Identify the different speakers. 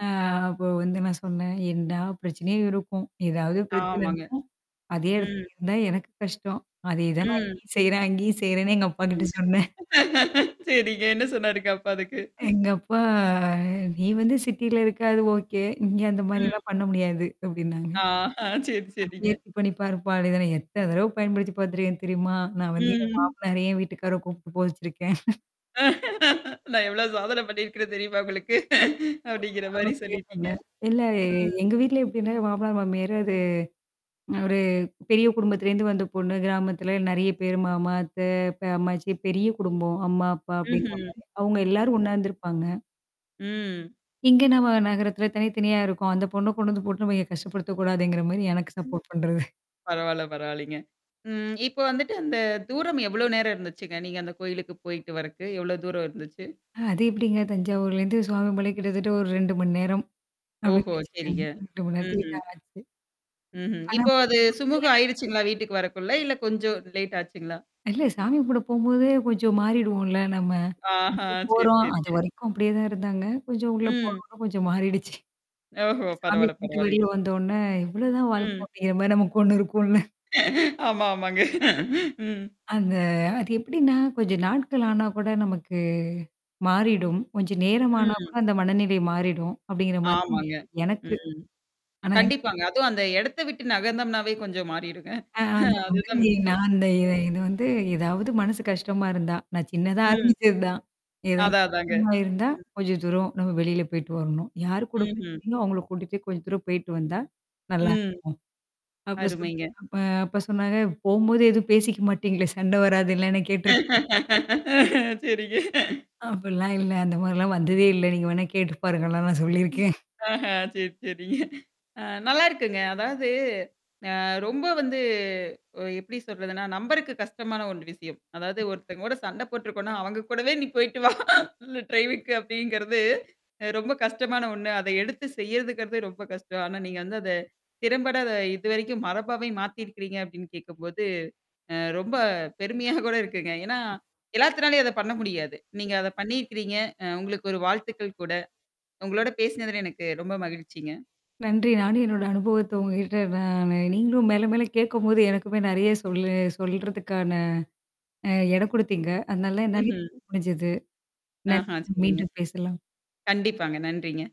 Speaker 1: அ அப்போ வந்து நான் சொன்னேன் "என்டா பிரச்சனைய இருக்கும். ஏதாவது
Speaker 2: ஆமாங்க.
Speaker 1: பிரச்சனைன்னா? அதே இடத்துல
Speaker 2: ம்.
Speaker 1: இருந்தா எனக்கு கஷ்டம். அதேதான் நான்
Speaker 2: ம்.
Speaker 1: இங்கயும் செய்றே, அங்கேயும் செய்றேன்னு" எங்க அப்பாகி ட்ட சொன்னேன்.
Speaker 2: சரிங்க என்ன சொன்னாருங்க அப்ப அதுக்கு?
Speaker 1: எங்கப்பா "நீ வந்து சிட்டில இருக்க அது ஓகே. இங்க அந்த
Speaker 2: ம்.
Speaker 1: மாரிலாம் பண்ண முடியாது" அப்டின்னாங்க.
Speaker 2: ஆஹ சரி,
Speaker 1: "எப்படியாவது
Speaker 2: சரிங்க.
Speaker 1: முயற்ச்சி பண்ணி பாருப்பா" அப்டினு சொன்ன, எத்தன தடவு பயன்படுத்தி பாத்துருக்கேன்னு தெரியுமா? நான் வந்து என்
Speaker 2: ம்.
Speaker 1: மாமனாரயே என் வீட்டுக்கார கூப்ட்டு போக வச்சிருக்கேன்.
Speaker 2: நான் எவ்ளோ சாதனை பண்ணியிருக்கிறேன்னு தெரியுமா உங்களுக்கு.
Speaker 1: அவ
Speaker 2: அப்டிங்கற மாரி
Speaker 1: [unintelligible]
Speaker 2: சொல்லிட்டீங்க.
Speaker 1: சொன்னேன். இல்ல எ
Speaker 2: ம்.
Speaker 1: எங்க வீட்ல எப்டின்னா மாமனாரு மாமியாரு அது அ ஒரு பெரிய குடும்பத்திலேந்து வந்த பொண்ணு, கிராமத்தல நெறைய பேரு மாமா, அத்தை, பெ அம்மாச்சி பெரிய குடும்பம். அம்மா, அப்பா அப்டிங்கற
Speaker 2: ம்ஹ்ம்.
Speaker 1: மாரி. அவங்க எல்லாரும் ஒண்ணாருந்திருப்பாங்க.
Speaker 2: ம்.
Speaker 1: இங்க நம்ம நகரத்துல தனி, தனியா இருக்கோம். அந்த பொண்ண கொண்டு வந்து கூட்னு போய் கஷ்டப்படுத்தக்கூடாதுங்கற மாரி எனக்கு
Speaker 2: ம்.
Speaker 1: சப்போர்ட் பண்றது.
Speaker 2: பரவால்ல பரவாயில்லிங்க. ம். இப்போ வந்துட்டு அந்த தூரம் எவ்ளோ நேரம் இருந்துச்சுங்க, நீங்க அந்த கோயிலுக்கு போயிட்டு வரக்கு? எவ்ளோ தூரம் இருந்துச்சு?
Speaker 1: அது எப்டிங்க தஞ்சாவூர்லேந்து சுவாமி மலை கிட்டத்தட்ட ஒரு 2 மணி நேரம்.
Speaker 2: ஓஹோ!
Speaker 1: அப்டின்னு
Speaker 2: சரிங்க. ம்ஹ்ம்.
Speaker 1: வச்சுருக்கங்க
Speaker 2: ம்ஹ்ம்.
Speaker 1: [unintelligible] ஆனா
Speaker 2: இப்போ அது
Speaker 1: போனவங்கள்ல
Speaker 2: சுமூகம்
Speaker 1: [unintelligible]
Speaker 2: ஆயிடுச்சுங்களா? வீட்டுக்கு வரக்குள்ள? இல்ல கொஞ்சம் லேட் ஆச்சுங்களா?
Speaker 1: இல்ல சாமி கும்பட போம்போதே கொஞ்சம் மாறிடுவோம்ல நம்ம. இது
Speaker 2: ஆஹான், சரி,
Speaker 1: போறோம்,
Speaker 2: சரிங்க.
Speaker 1: அதுவரைக்கும் அப்டியே தான் இருந்தாங்க. கொஞ்சம் உள்ள
Speaker 2: ம்.
Speaker 1: போனொண்ணே கொஞ்சம் மாறிடுச்சு.
Speaker 2: ஓஹோ!
Speaker 1: சாமி
Speaker 2: பரவால்ல
Speaker 1: கும்ட்டு வெளில
Speaker 2: பரவால்லிங்க.
Speaker 1: வந்தோனே இவ்ளோதான் வாழ்க்கை
Speaker 2: ம்.
Speaker 1: அப்டிங்கிற மாரி நமக்கு ஒண்ணு இருக்கும்ல.
Speaker 2: ஆமா, ஆமாங்க. ம்.
Speaker 1: அந்த அது எப்டின்னா, கொஞ்சம் நாட்கள் ஆனா கூட நமக்கு மாறிடும். கொஞ்சம் நேரம் ஆனா கூட
Speaker 2: ம்.
Speaker 1: அந்த மனநிலை மாறிடும். அப்டிங்கற மாரி
Speaker 2: ஆமாங்க,
Speaker 1: எனக்கு.
Speaker 2: ம்.
Speaker 1: ஆனா
Speaker 2: கண்டிப்பாங்க. அதும் அந்த எடத்த விட்டு நகர்ந்தம்னாவே கொஞ்சம் மாறிடுங்க.
Speaker 1: ஆன் அந்த மாதிரி
Speaker 2: அதுதான் முக்கியம்.
Speaker 1: நான் அந்த இ இது வந்து ஏதாவது மனசு கஷ்டமாருந்தா. நான் சின்னதா
Speaker 2: ம்.
Speaker 1: ஆரம்பிச்சது தான். ஏதாது
Speaker 2: அதான், அதாங்க.
Speaker 1: விஷயமா இருந்தா,
Speaker 2: ம்.
Speaker 1: கொஞ்சம் தூரம் நம்ம வெளில போய்ட்டு வரணும். யார் கூட
Speaker 2: ம்ஹ்ம்.
Speaker 1: பிரச்சனையோ, அவங்கள கூட்டிட்டு கொஞ்சம் தூரம் போய்ட்டு வந்தா,
Speaker 2: ம்.
Speaker 1: நல்லாருக்கும். அப்ப சொன்
Speaker 2: அருமைங்க.
Speaker 1: அப்ப அப்பா சொன்னாரு "போம்போது எதுவும் பேசிக்க மாட்டீங்களே! சண்டை வராதல்ல" கேட்டுருக்
Speaker 2: சரிங்க.
Speaker 1: அப்ட்லாம் இல்ல. அந்த மாரிலாம் வந்ததே இல்ல. நீங்க வேணா கேட்டு பாருங்கலாம் நான் சொல்லிருக்கேன்.
Speaker 2: ஆஹா! சரி, சரிங்க. அ நல்லாருக்குங்க. அதாவது, அ ரொம்ப வந்து எப்டி சொல்றதுன்னா, நம்பருக்கு கஷ்டமான ஒண்ண விஷயம். அதாவது ஒருத்தங்கோட சண்ட போட்ருக்கோனா, அவங்க கூடவே நீ போயி்டு வா ட்ரைவிக்கு, அப்டிங்கிறது ரொம்ப கஷ்டமான ஒண்ணு. அத எடுத்து செய்யறதுங்கறதே ரொம்ப கஷ்டம். ஆனா நீங்க வந்து அத திறம்பட இதுவரைக்கும் மரபாவே மாத்திருக்கிறீங்க அப்டின்னு கேட்கும்போது. அ ரொம்ப பெருமையா கூட இருக்குங்க. ஏன்னா, எல்லாத்துனாளையும் அத பண்ண முடியாது. நீங்க அத
Speaker 1: [unintelligible]
Speaker 2: பண்ணிருக்கிறீங்க. அ உங்களுக்கு ஒரு வாழ்த்துக்கள் கூட. உங்களோட பேசினதுல எனக்கு ரொம்ப மகிழ்ச்சிங்க.
Speaker 1: நன்றி. நானும் என்னோட அனுபவத்த உங்ககிட்ட. நானு நீங்களும் மேல, மேல கேட்கும்போது எனக்குமே நெறைய சொல்ல சொல்றதுக்கான இடம் குடுத்தீங்க. அதனால என்னாலியும்
Speaker 2: ம்ஹ்ம்.
Speaker 1: சொல்ல முடிஞ்சுது. நன்றி,
Speaker 2: ஆஹான், சரிங்க.
Speaker 1: மீண்டும் பேசலாம்.
Speaker 2: கண்டிப்பாங்க, நன்றிங்க.